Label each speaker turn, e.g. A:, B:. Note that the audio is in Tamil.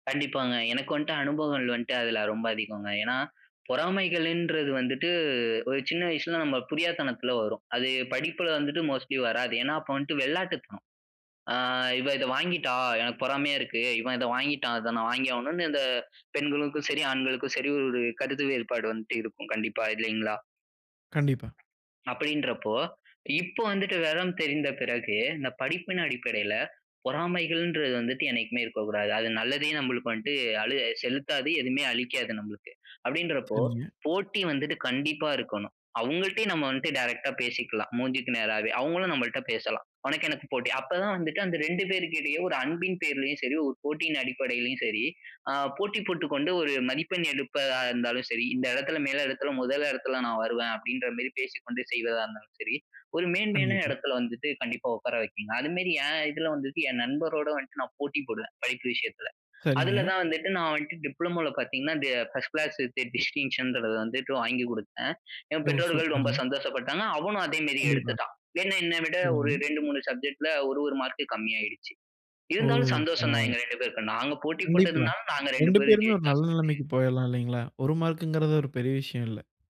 A: கண்டிப்பாங்க. எனக்கு வன்ட்டு அனுபவங்கள் வன்ட்டு அதுல ரொம்ப அதிகங்க. ஏன்னா பொறாமைகளுன்றது வந்துட்டு ஒரு சின்ன வயசுல நம்ம புரியாத்தனத்துல வரும். அது படிப்புல வந்துட்டு மோஸ்ட்லி வராது. ஏன்னா அப்போ வன்ட்டு வெளாட்டுத்தனம். அ "இவ இத வாங்கிட்டா. எனக்கு பொறாமையா இருக்கு. இவன் இத வாங்கிட்டான். அதை நான் வாங்கி ஆகணும்ன்னு," இந்த பெண்களுக்கும் சரி, ஆண்களுக்கும் சரி ஒரு கருத்து வேறுபாடு வந்துட்டு இருக்கும். கண்டிப்பா, இல்லைங்களா?
B: கண்டிப்பா.
A: அப்படீன்றப்போ, இப்போ வந்துட்டு வெவரம் தெரிந்த பிறகு, இந்த படிப்பின் அடிப்படையில பொறாமைகள்ன்றது வந்துட்டு என்னைக்குமே இருக்கக்கூடாது. அது நல்லதையே நம்பளுக்கு வன்ட்டு அளு செலுத்தாது. எதுவுமே அளிக்காது நம்பளுக்கு. அப்படீன்றப்போ,
B: சரிங்க.
A: போட்டி வந்துட்டு கண்டிப்பா இருக்கணும். அவங்கள்ட்டே நம்ம வன்ட்டு டைரக்ட்டா பேசிக்கலாம். மூஞ்சிக்கு நேராவே. அவங்களும் நம்மள்ட்ட பேசலாம். உனக்கு எனக்கு போட்டி. அப்ப தான் வந்துட்டு அந்த 2 பேருக்கிடையே ஒரு அன்பின் பெயரிலேயும் சரி, ஒரு போட்டியின் அடிப்படையிலயும் சரி, ஆ போட்டி போட்டுக்கொண்டு ஒரு மதிப்பெண் எடுப்பதா இருந்தாலும் சரி, "இந்த இடத்தில மேல இடத்தில 1 இடத்தில நான் வருவேன்." அப்படீன்ற மாரி பேசிக்கொண்டு செய்வதா இருந்தாலும் சரி, ஒரு மேன்மையான
B: கண்டிப்பா.
A: இடத்தில வந்துட்டு கண்டிப்பா உட்கார வைக்குங்க. அதுமாரி என் இதுல வந்துட்டு, என் நண்பரோடு வந்துட்டு நான் போட்டி போடுவேன், படிப்பு விஷயத்தில. அதுல
B: சரிங்க.
A: தான் வந்துட்டு நான் வன்ட்டு டிப்ளமோல பார்த்தீங்கன்னா, டி ஃபர்ஸ்ட் கிளாஸ் வித் டிஸ்டிங்ஷன்றத வந்துட்டு வாங்கிக் குடுத்தேன். என்
B: ஓ!
A: பெற்றோர்கள் ரொம்ப
B: சூப்பருங்க.
A: சந்தோஷப்பட்டாங்க. அவனும் அதே மாரி
B: கண்டிப்பா.
A: எடுத்துட்டான். என்ன என்னை விட ஒரு
B: சரிங்க.
A: 2, 3 சப்ஜெக்டில ஒரு, 1 மார்க்கு கம்மியாயிடுச்சு.
B: ஓ!
A: இருந்தாலும் சந்தோஷம் தான்
B: பரவால்ல.
A: எங்க 2 பேருக்கும். நாங்க போட்டி
B: கண்டிப்பா.
A: போட்டதுனால நாங்க 2
B: 2
A: பேரும்
B: பேருமே ஒரு நல்ல
A: ஜெயிச்சோம் சேர்ந்து.
B: நெலைமைக்கு போயறலாம் இல்லைங்களா? 1 மார்க்குங்றது ஒரு பெரிய விஷயம் இல்ல.